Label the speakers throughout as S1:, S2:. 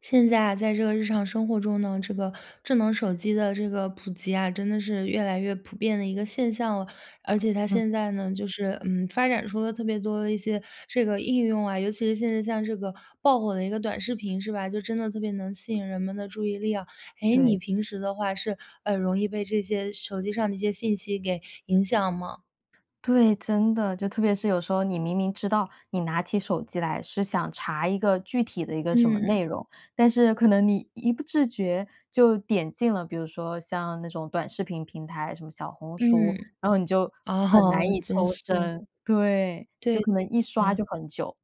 S1: 现在啊，在这个日常生活中呢，这个智能手机的这个普及啊，真的是越来越普遍的一个现象了，而且它
S2: 嗯。
S1: 现在呢，就是，嗯，发展出了特别多的一些这个应用啊。尤其是现在像这个爆火的一个短视频，是吧，就真的特别能吸引人们的注意力啊。哎，
S2: 对。
S1: 你平时的话是，呃，容易被这些手机上的一些信息给影响吗？
S2: 对，真的，就特别是有时候你明明知道，你拿起手机来是想查一个具体的一个什么
S1: 嗯。
S2: 内容，但是可能你一不自觉就点进了，比如说像那种短视频平台，什么小红书，
S1: 嗯，
S2: 然后你就很难
S1: 哦，
S2: 以
S1: 真
S2: 抽
S1: 是。
S2: 身，对，就
S1: 对的
S2: 可能一刷就
S1: 呢。
S2: 很久。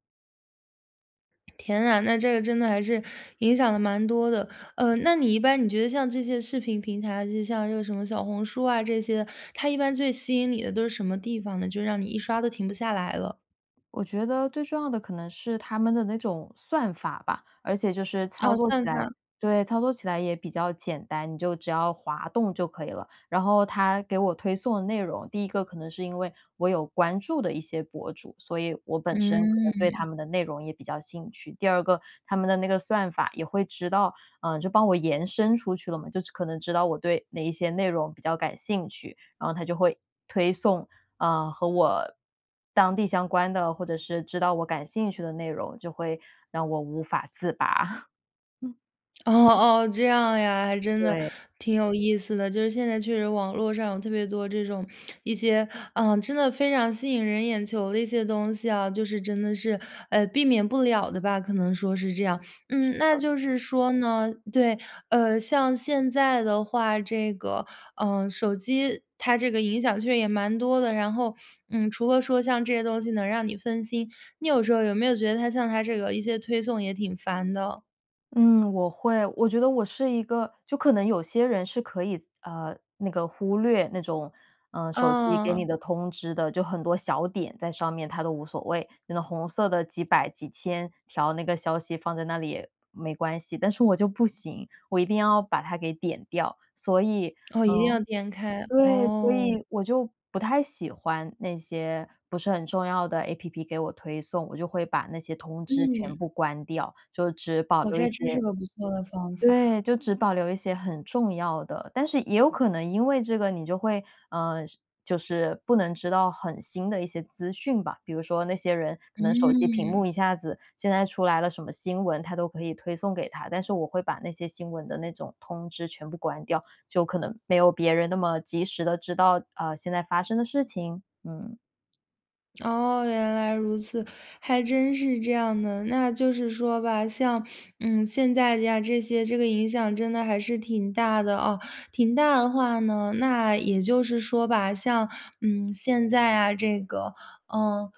S1: 天啊，那这个真的还是影响了蛮多的，呃，那你一般你觉得像这些视频平台，就是像这个什么小红书啊这些的，它一般最吸引你的都是什么地方呢？就让你一刷都停不下来了。
S2: 我觉得最重要的可能是他们的那种算法吧，而且就是
S1: 哦，
S2: 操作起
S1: 算
S2: 来，
S1: 法。
S2: 对，操作起来也比较简单，你就只要滑动就可以了。然后它给我推送的内容，第一个可能是因为我有关注的一些博主，所以我本身可能对他
S1: 嗯。
S2: 们的内容也比较兴趣，第二个，他们的那个算法也会知道，呃，就帮我延伸出去了嘛，就是可能知道我对哪一些内容比较感兴趣，然后他就会推送，啊，和我当地相关的，或者是知道我感兴趣的内容，就会让我无法自拔，嗯。
S1: 哦哦，这样呀，还真的，
S2: 对。
S1: 挺有意思的。就是现在确实网络上有特别多这种，一些，呃真的非常吸引人眼球的一些东西啊，就是真的是，呃，避免不了的吧，可能说是这样。
S2: 是
S1: 嗯，那
S2: 的。
S1: 就是说呢对，呃，像现在的话，这个，呃，手机它这个影响确实也蛮多的。然后，嗯，除了说像这些东西能让你分心，你有时候有没有觉得它像它这个一些推送也挺烦的？
S2: 嗯，我会我觉得我是一个就可能有些人是可以，呃，那个忽略那种，呃，手机给你
S1: 嗯。
S2: 的通知的，就很多小点在上面，他都无所谓。那个红色的几百几千条那个消息放在那里也没关系。但是我就不行，我一定要把它给点掉，所以
S1: 哦，一定
S2: 嗯，
S1: 要点开，
S2: 对，所
S1: 哦。
S2: 以我就不太喜欢那些不是很重要的 APP 给我推送，我就会把那些通知
S1: 嗯。
S2: 全部关掉，就只保
S1: 哦，
S2: 留一
S1: 这真还是
S2: 些
S1: 个不错的方法。
S2: 对，就只保留一些很重要的。但是也有可能因为这个你就会，呃，是就是不能知道很新的一些资讯吧。比如说那些人可能手机屏
S1: 嗯。
S2: 幕一下子现在出来了什么新闻，它都可以推送给他。但是我会把那些新闻的那种通知全部关掉，就可能没有别人那么及时地知道，呃，现在发生的事情。嗯。
S1: 哦，原来如此，还真是这样的。那就是说吧，像嗯，现在呀，这些，这个影响真的还是挺大的啊。挺大的话呢，那也就是说吧，像嗯，现在啊，这个，呃，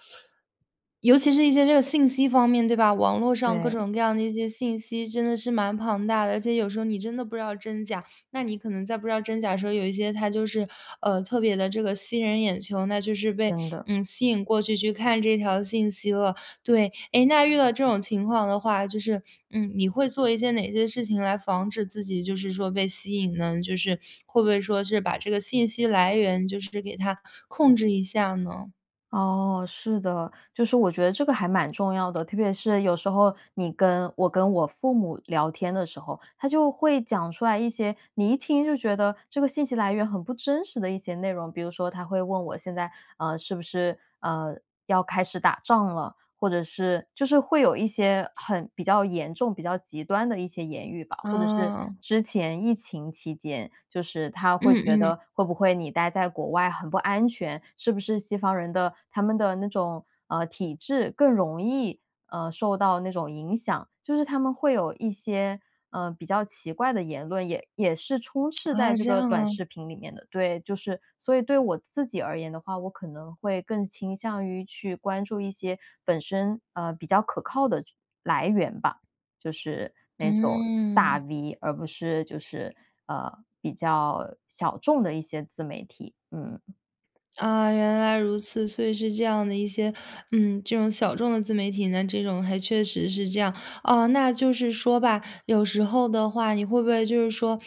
S1: 尤其是一些这个信息方面对吧？网络上各
S2: 对。
S1: 种各样的一些信息真的是蛮庞大的，而且有时候你真的不知道真假，那你可能在不知道真假的时候，有一些它就是，呃，特别地这个吸人眼球，那就是被
S2: 真的。
S1: 嗯，吸引过去去看这条信息了。对，哎，那遇到这种情况的话，就是，嗯，你会做一些哪些事情来防止自己就是说被吸引呢？就是会不会说是把这个信息来源就是给它控制一下呢？
S2: 哦，是的，就是我觉得这个还蛮重要的。特别是有时候你跟我跟我父母聊天的时候，他就会讲出来一些，你一听就觉得这个信息来源很不真实的一些内容。比如说他会问我，现在，呃，是不是，呃，要开始打仗了？或者是就是会有一些很比较严重、比较极端的一些言语吧。或者是
S1: 哦。
S2: 之前疫情期间，就是他会
S1: 嗯，
S2: 觉
S1: 嗯。
S2: 得会不会你待在国外很不安全，是不是西方人的，他们的那种，呃，体制，更容易，呃，受到那种影响？就是他们会有一些，呃，比较奇怪的言论，也也是充斥在
S1: 啊，
S2: 这
S1: 这
S2: 个
S1: 样
S2: 短
S1: 啊。
S2: 视频里面的。对，就是，所以对我自己而言的话，我可能会更倾向于去关注一些本身，啊，比较可靠的来源吧。就是那种大
S1: 嗯。
S2: V，而不是就是，呃，比较小众的一些自媒体，嗯。
S1: 啊，原来如此，所以是这样的一些，嗯，这种小众的自媒体呢，这种还确实是这样。哦，那就是说吧，有时候的话，你会不会就是说，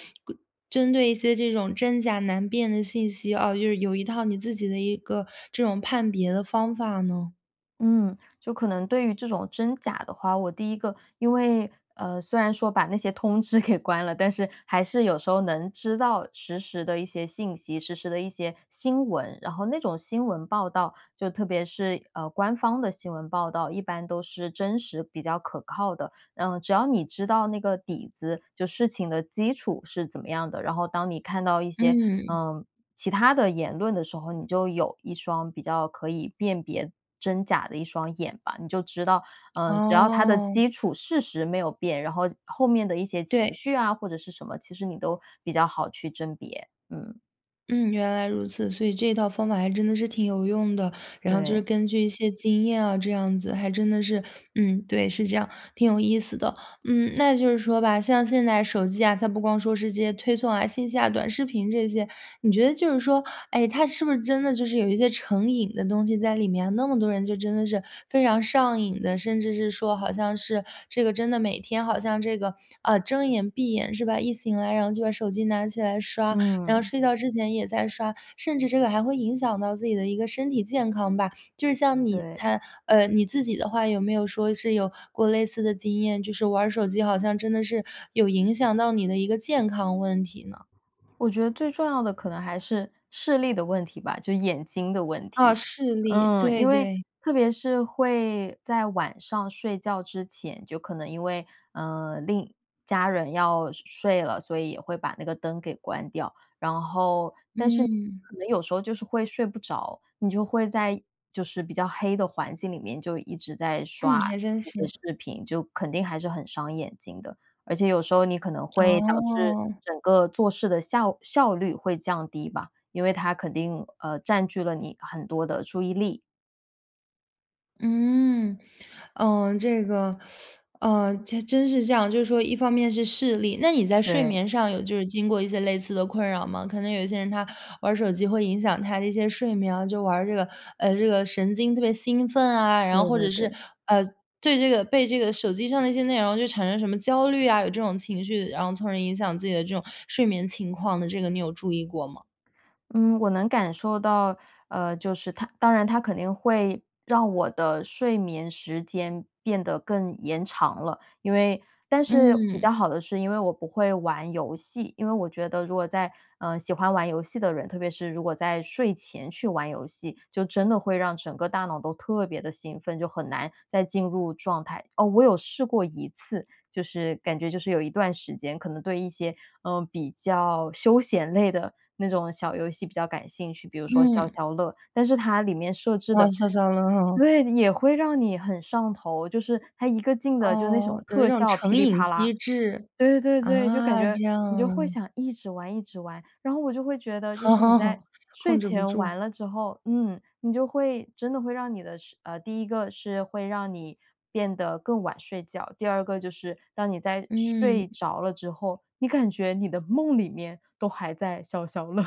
S1: 针对一些这种真假难辨的信息啊，就是有一套你自己的一个这种判别的方法呢？
S2: 嗯，就可能对于这种真假的话，我第一个因为，呃，虽然说把那些通知给关了，但是还是有时候能知道实时的一些信息、实时的一些新闻。然后那种新闻报道，就特别是，呃，官方的新闻报道，一般都是真实比较可靠的。呃，只要你知道那个底子，就事情的基础是怎么样的，然后当你看到一些，
S1: 嗯。
S2: 呃，其他的言论的时候，你就有一双比较可以辨别真假的一双眼吧。你就知道，嗯，只要它的
S1: 哦。
S2: 基础事实没有变，然后后面的一些情
S1: 对。
S2: 绪啊，或者是什么，其实你都比较好去甄别，嗯。
S1: 嗯，原来如此，所以这一套方法还真的是挺有用的，然后就是
S2: 对。
S1: 根据一些经验啊这样子，还真的是，嗯，对，是这样，挺有意思的。嗯，那就是说吧，像现在手机啊，它不光说是这些推送啊、信息啊、短视频这些，你觉得就是说，诶，它是不是真的就是有一些成瘾的东西在里面？那么多人就真的是非常上瘾的，甚至是说好像是，这个真的每天好像这个，呃，睁眼、闭眼是吧，一醒来，然后就把手机拿起来刷，然后
S2: 嗯。
S1: 睡觉之前也在刷，甚至这个还会影响到自己的一个身体健康吧？就是像你
S2: 对。
S1: 摊呃，你自己的话，有没有说是有过类似的经验，就是玩儿手机好像真的是有影响到你的一个健康问题呢？
S2: 我觉得最重要的可能还是视力的问题吧，就眼睛的问
S1: 哦，
S2: 题。
S1: 视力，
S2: 嗯，
S1: 对，
S2: 因为
S1: 对。
S2: 特别是会在晚上睡觉之前，就可能因为，呃另家人要睡睡了，所以也会把那个灯给关掉，然后但是
S1: 嗯。
S2: 可能有时候就是会睡不着，你就会在就是比较黑的环境里面就一直在
S1: 嗯，
S2: 刷
S1: 还真
S2: 一
S1: 是。
S2: 些视频，就肯定还是很伤眼睛的。而且有时候你可能 会导致
S1: 哦。
S2: 整个做事的效效率会降低吧，因为它肯定，呃，占据了你很多的注意力。
S1: 嗯，呃这个 呃，这真是这样，就是说一方面是视力那你在睡
S2: 对。
S1: 眠上有就是经过一些类似的困扰吗？可能有些人他玩儿手机会影响他的一些睡眠啊，就玩儿这个，呃，这个神经特别兴奋啊，然后
S2: 对
S1: 或者
S2: 对
S1: 是，
S2: 对。
S1: 呃，对这个被这个手机上的一些内容就产生什么焦虑啊，有这种情绪，然后从而影响自己的这种睡眠情况的这个，你有注意过吗？
S2: 嗯，我能感受到，呃，就是它当然它肯定会让我的睡眠时间变得更延长了。因为，但是比
S1: 嗯。
S2: 较好的是因为我不会玩游戏，因为我觉得如果在，呃，喜欢玩游戏的人，特别是如果在睡前去玩游戏，就真的会让整个大脑都特别地兴奋，就很难再进入状态。哦，我有试过一次，就是感觉就是有一段时间可能对一些，呃，比较休闲类的那种小游戏比较感兴趣，比如说
S1: 嗯。
S2: 消消乐，但是它里面设置
S1: 玩
S2: 的，
S1: 消消乐哦。
S2: 对的，也会让你很上头，就是它一个劲的就那
S1: 哦，
S2: 种
S1: 有一
S2: 特
S1: 种
S2: 效霹
S1: 成
S2: 雳
S1: 瘾
S2: 啪啦。
S1: 机制。
S2: 对对对，就感
S1: 啊，
S2: 觉
S1: 这样
S2: 你就会
S1: 啊。
S2: 想一直玩一直玩，然后我就会觉得，就是你在 睡
S1: 控制不
S2: 前
S1: 住。
S2: 玩了之后，嗯，你就会真的会让你的睡呃，第一个是会让你变得更晚睡觉，第二个就是当你在睡
S1: 嗯。
S2: 着了之后，你感觉你的梦里面都还在消消乐。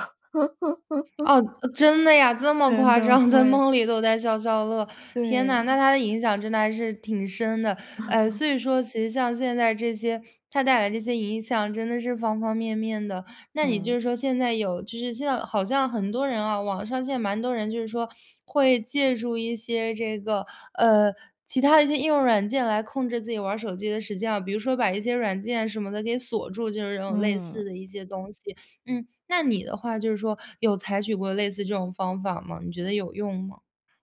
S1: 哦，呃，真的呀，这么
S2: 真
S1: 夸
S2: 的
S1: 张，在
S2: 会。
S1: 梦里都在消消乐。天哪，那
S2: 对。
S1: 它的影响真的还是挺深的，哎，所以说其实像现在这些，它带来这些影响真的是方方面面的。那你
S2: 嗯。
S1: 就说现在有就是现在好像很多人啊，网上现在蛮很多人就是说会借助一些这个，呃，其他的一些应用软件来控制自己玩手机的时间啊，比如说把一些软件什么的给锁住，就是这种类似
S2: 嗯。
S1: 的一些东西。嗯，那你的话，就是说有采取过类似这种方法吗？你觉得有用吗？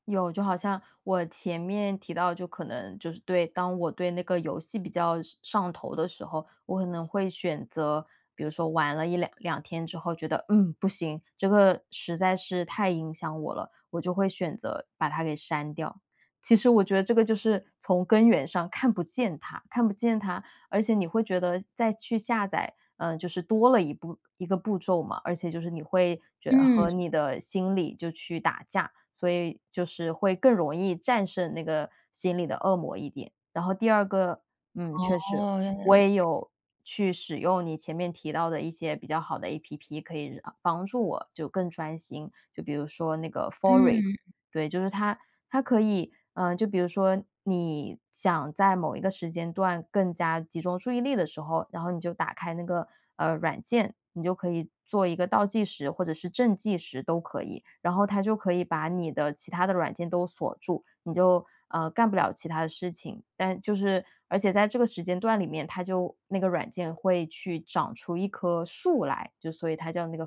S2: 有，就好像我前面提到，就可能就是对，当我对那个游戏比较上上头的时候，我可能会选择，比如说玩了1、22天之后，觉得，嗯，不行，这个实在是太影响我了，我就会选择把它给删掉。其实我觉得这个就是从根源上看不见它，看不见它，而且你会觉得再去下载，呃，就是多了1步1个步骤嘛，而且就是你会觉得和
S1: 嗯。
S2: 你的心里就去打架，所以就是会更容易战胜那个心里的恶魔一点。然后第二个，嗯，确实，
S1: 哦，原来
S2: 我
S1: 如
S2: 也
S1: 此。
S2: 有去使用你前面提到的一些比较好的 APP，可以帮助我就更专心。就比如说那个 FOREST，
S1: 嗯。
S2: 对，就是它它可以，啊，就比如说你想在某一个时间段更加集中注意力的时候，然后你就打开那个，呃，软件，你就可以做一个倒计时或者是正计时都可以。然后它就可以把你的其他的软件都锁住，你就呃，干不了其它的事情。但就是，而且在这个时间段里面，它就那个软件会去长出一棵树来，就所以它叫那个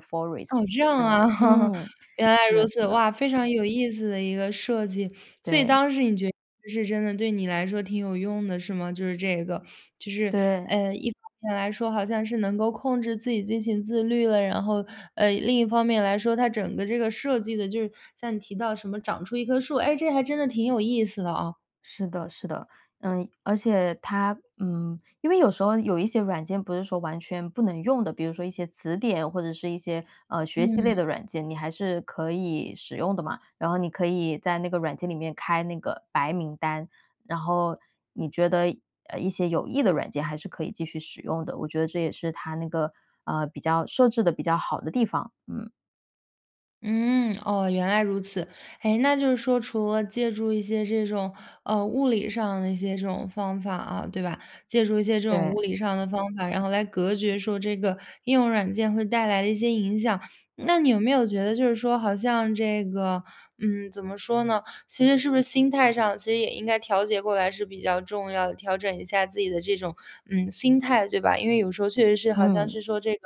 S1: 哦，
S2: FOREST，
S1: 这样
S2: 森林，
S1: 啊，
S2: 嗯，
S1: 原来
S2: 是
S1: 如
S2: 的，
S1: 此，
S2: 是的。
S1: 哇，非常有意思的一个设计。所以
S2: 对。
S1: 当时你觉得是真的对你来说挺有用的，是吗？就是这个，就是，
S2: 对。
S1: 呃一方面来说，好像是能够控制自己进行自律了；然后，呃，另一方面来说，它整个这个设计得就是，像你提到什么长出一棵树，哎，这还真的挺有意思的啊。
S2: 是的，是的，嗯，而且它嗯，因为有时候有一些软件不是说完全不能用的，比如说一些词典或者是一些，呃，学习类
S1: 嗯。
S2: 的软件，你还是可以使用的嘛。然后你可以在那个软件里面开那个白名单，然后你觉得，呃，一些有益的软件还是可以继续使用的。我觉得这也是它那个，呃，比较设置得比较好的地方，嗯。
S1: 嗯，哦，原来如此，哎，那就是说，除了借助一些这种，呃，物理上的一些这种方法啊，对吧？借助一些这种
S2: 对。
S1: 物理上的方法，然后来隔绝说这个应用软件会带来的一些影响，那你有没有觉得就是说好像这个，嗯，怎么说呢？其实是不是心态上其实也应该调节过来是比较重要的，调整一下自己的这种，嗯，心态，对吧？因为有时候确实是好像
S2: 嗯。
S1: 是说这个，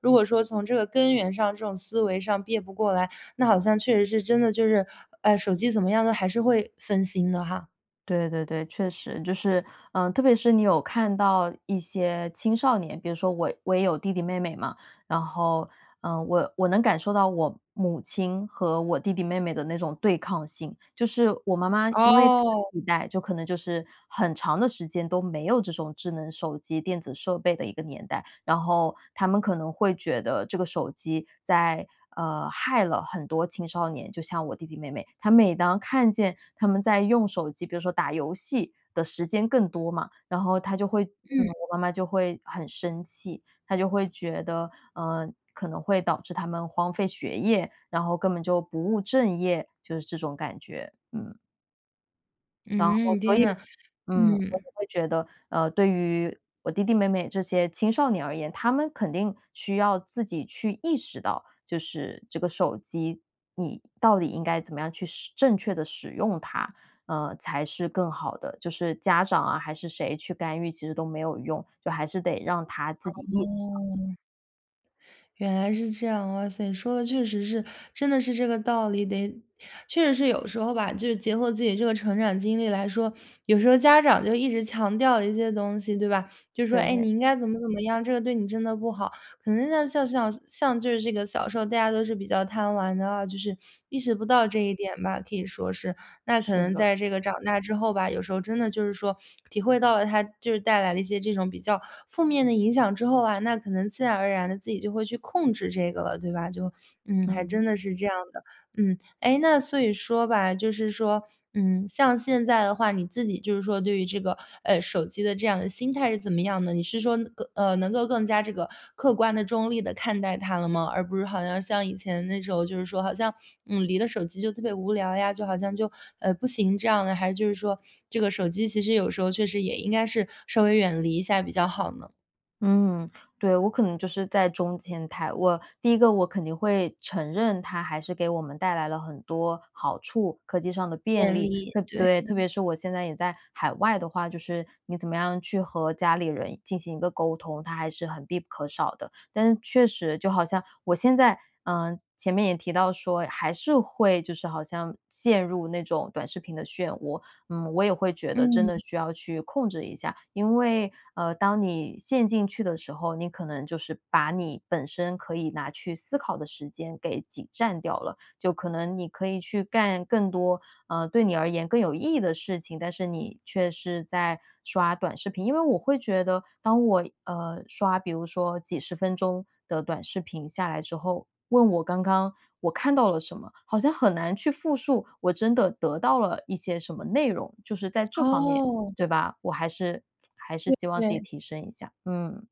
S1: 如果说从这个根源上这种思维上别不过来，那好像确实是真的就是，呃，手机怎么样都还是会分心的哈。
S2: 对对对，确实，就是，呃，特别是你有看到一些青少年，比如说我我也有弟弟妹妹嘛，然后，呃，我我能感受到我母亲和我弟弟妹妹的那种对抗性。就是我妈妈 因为上
S1: 哦。
S2: 一代就可能就是很长的时间都没有这种智能手机、电子设备的一个年代，然后他们可能会觉得这个手机在呃，害了很多青少年，就像我弟弟妹妹。她每当看见他们在用手机，比如说打游戏的时间更多嘛，然后她就会嗯，
S1: 嗯。
S2: 我妈妈就会很生气，她就会觉得，呃，可能会导致他们荒废学业，然后根本就不务正业，就是这种感觉，嗯。然后
S1: 嗯，
S2: 所
S1: 天
S2: 以，
S1: 啊，
S2: 嗯，我也
S1: 嗯。
S2: 会觉得，呃，对于我弟弟妹妹这些青少年而言，他们肯定需要自己去意识到，就是这个手机你到底应该怎么样去使正确地使用它？呃，才是更好的，就是家长啊，还是谁去干预，其实都没有用。就还是得让他自己意识到。
S1: 哦。原来是这样，哇塞，说的确实是，真的是这个道理。得确实是有时候吧，就是结合自己这个成长经历来说，有时候家长就一直强调一些东西，对吧？就说：”哎，
S2: 对。
S1: 你应该怎么怎么样，这个对你真的不好。“可能像像像像就是这个小时候，大家都是比较贪玩的啊，就是意识不到这一点吧，可以说是。那可
S2: 是
S1: 能
S2: 的。
S1: 在这个长大之后吧，有时候真的就是说，体会到了它就是带来了一些这种比较负面的影响之后啊，那可能自然而然地自己就会去控制这个了，对吧？就，嗯，还真
S2: 嗯。
S1: 的是这样的。嗯，哎，那所以说吧，就是说，嗯，像现在的话，你自己就是说对于这个，呃，手机的这样的心态是怎么样的？你是说，更呃，能够更加这个客观地、中立地看待它了吗？而不是好像像以前那种时候，就是说好像，嗯，离了手机就特别无聊呀，就好像就，呃，不行这样呢？还是就是说，这个手机其实有时候确实也应该是稍微远离一下比较好呢？
S2: 嗯，对，我可能就是在中间态。我第一个我肯定会承认它还是给我们带来了很多好处，科技上的便
S1: 便
S2: 利。
S1: 利。
S2: 特
S1: 对，
S2: 对，特
S1: 嗯。
S2: 别是我现在也在海外的话，就是你怎么样去和家里人进行一个沟通，它还是很必不可少的。但是确实就好像我现在嗯，前面也提到说还是会就是好像陷入那种短视频的漩涡。嗯，我也会觉得真的
S1: 嗯。
S2: 需要去控制一下，因为，呃，当你陷进去的时候，你可能就是把你本身可以拿去思考的时间给挤占掉了。就可能你可以去干更多嗯，对你而言更有意义的事情。但是你却是在刷短视频，因为我会觉得当我，呃，刷比如说几十分钟的短视频下来之后，问我刚刚我看到了什么，好像很难去复述我真的得到了一些什么内容。就是在这方面，
S1: 哦。
S2: 对吧，我还是还是
S1: 对，
S2: 希望自己
S1: 对。
S2: 提升一下，嗯。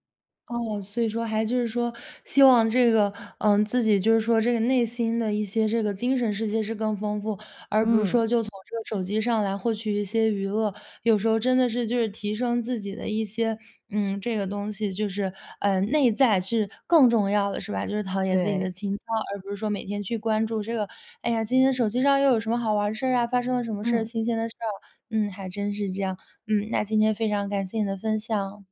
S1: 哦，所以说还就是说希望这个，嗯，自己就是说这个内心的一些这个精神世界是更丰富，而不是
S2: 嗯。
S1: 说就从这个手机上来获取一些娱乐。有时候真的是，就是提升自己的一些，嗯，这个东西就是，呃，内在是更重要的是吧？就是陶冶自己的
S2: 对。
S1: 情操，而不是说每天去关注这个，哎呀，今天手机上又有什么好玩的事儿啊，发生了什么事儿，
S2: 嗯。
S1: 新鲜的事儿。嗯，还真是这样，嗯，那今天非常感谢你的分享。